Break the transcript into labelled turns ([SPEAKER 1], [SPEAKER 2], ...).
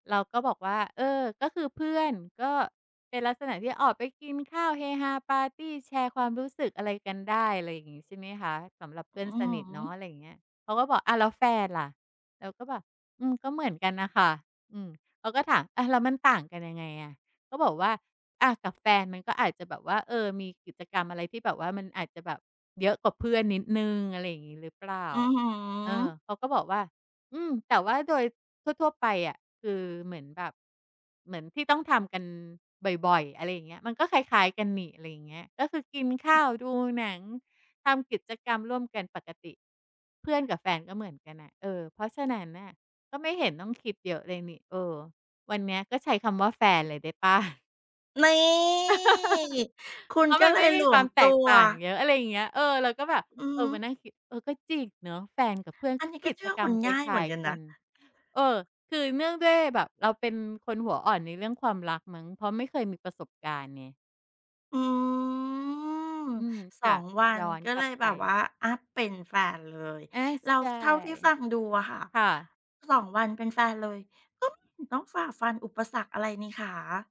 [SPEAKER 1] เราก็บอกว่า "เออ ก็คือเพื่อน ก็เป็นลักษณะที่ออกไปกินข้าวเฮฮาปาร์ตีแชร์ความรู้สึกอะไรกันได้ อะไรอย่างงี้ ใช่ไหมคะ สำหรับเพื่
[SPEAKER 2] อ
[SPEAKER 1] อ
[SPEAKER 2] ื
[SPEAKER 1] นสน
[SPEAKER 2] อ
[SPEAKER 1] ิท
[SPEAKER 2] ฮึ
[SPEAKER 1] เนาะ" อะไรอย่างเงี้ย เขาก็บอก "อ้าว แล้วแฟนล่ะ" เราก็แบบ "อืม ก็เหมือนกันน่ะค่ะ" อืม เขาก็ถามอะ "แล้วมันต่างกันยังไงอะ" ก็บอกว่า "อะ กับแฟนมันก็อาจจะแบบว่า เออ มีกิจกรรมอะไรที่แบบว่ามันอาจจะแบบเยอะกว่าเพื่อนนิดหนึ่ง อะไรอย่างงี้หรือเปล่า"
[SPEAKER 2] อื้อฮื
[SPEAKER 1] เออ
[SPEAKER 2] อ
[SPEAKER 1] เขาก็บอกว่า "อืม แต่ว่าโดยทั่ว ๆ ไปอะ คือเหมือนแบบ เหมือนที่ต้องทำกันบ่อย ๆ อะไรอย่างเงี้ย มันก็คล้าย ๆ กันนี่ อะไรอย่างเงี้ย ก็คือกินข้าว ดูหนัง ทำกิจกรรมร่วมกันปกติ เพื่อนกับแฟนก็เหมือนกันน่ะ เออ เพราะฉะนั้นน่ะก็ไม่เห็นต้องคิดเยอะเลยนี่ เออ วันเนี้ยก็ใช้คำว่าแฟนเลยได้เปล่า?"
[SPEAKER 2] นี่ คุ
[SPEAKER 1] เ
[SPEAKER 2] ณ
[SPEAKER 1] พราะ
[SPEAKER 2] ก็
[SPEAKER 1] มัน
[SPEAKER 2] เล
[SPEAKER 1] ไม่
[SPEAKER 2] ยห
[SPEAKER 1] ม
[SPEAKER 2] ล
[SPEAKER 1] ีค
[SPEAKER 2] ว
[SPEAKER 1] วา
[SPEAKER 2] ม
[SPEAKER 1] มแ
[SPEAKER 2] ต
[SPEAKER 1] ต
[SPEAKER 2] ั
[SPEAKER 1] ก
[SPEAKER 2] ว
[SPEAKER 1] ต่างเยอะ อะไรเงี้ย เออ เราก็แบบ
[SPEAKER 2] อือ
[SPEAKER 1] เอ่
[SPEAKER 2] ฮ
[SPEAKER 1] อ
[SPEAKER 2] ึ
[SPEAKER 1] มานั่งคิด เออ ก็จริงเนอะ แฟนกับเพื่อน
[SPEAKER 2] อั
[SPEAKER 1] ก
[SPEAKER 2] น
[SPEAKER 1] ็
[SPEAKER 2] นี้
[SPEAKER 1] ก
[SPEAKER 2] ก็
[SPEAKER 1] ิ
[SPEAKER 2] เช
[SPEAKER 1] จ
[SPEAKER 2] ื่อ
[SPEAKER 1] กร
[SPEAKER 2] ค
[SPEAKER 1] รม
[SPEAKER 2] น
[SPEAKER 1] ค
[SPEAKER 2] ง่าย
[SPEAKER 1] ล
[SPEAKER 2] เห
[SPEAKER 1] ้
[SPEAKER 2] ม
[SPEAKER 1] า
[SPEAKER 2] ือ
[SPEAKER 1] ย
[SPEAKER 2] นกัน
[SPEAKER 1] ๆ ก
[SPEAKER 2] น
[SPEAKER 1] ั
[SPEAKER 2] ะ
[SPEAKER 1] น เอ่อ คือเนื่องด้วยแบบเราเป็นคนหัวอ่อนในเรื่องความรักมั้ง เพราะไม่เคยมีประสบการณ์ไง
[SPEAKER 2] อืม
[SPEAKER 1] อืม
[SPEAKER 2] ส
[SPEAKER 1] ค
[SPEAKER 2] อ
[SPEAKER 1] ่ะ
[SPEAKER 2] ง วั
[SPEAKER 1] ย
[SPEAKER 2] น
[SPEAKER 1] ้อน
[SPEAKER 2] ก็
[SPEAKER 1] กล
[SPEAKER 2] เล
[SPEAKER 1] ับ
[SPEAKER 2] ย
[SPEAKER 1] ไ
[SPEAKER 2] แบบว่
[SPEAKER 1] ป
[SPEAKER 2] าอัปเป็นแฟนเลย
[SPEAKER 1] อา
[SPEAKER 2] แล้
[SPEAKER 1] ใ
[SPEAKER 2] ว
[SPEAKER 1] ช่
[SPEAKER 2] เท่าที่ฟังดูอะค่ะ
[SPEAKER 1] ค่ะ
[SPEAKER 2] 2 วันเป็นแฟนเลยต๋อม หือ ต้องฝ่าฟันอุปสรรคอะไรนี่คะ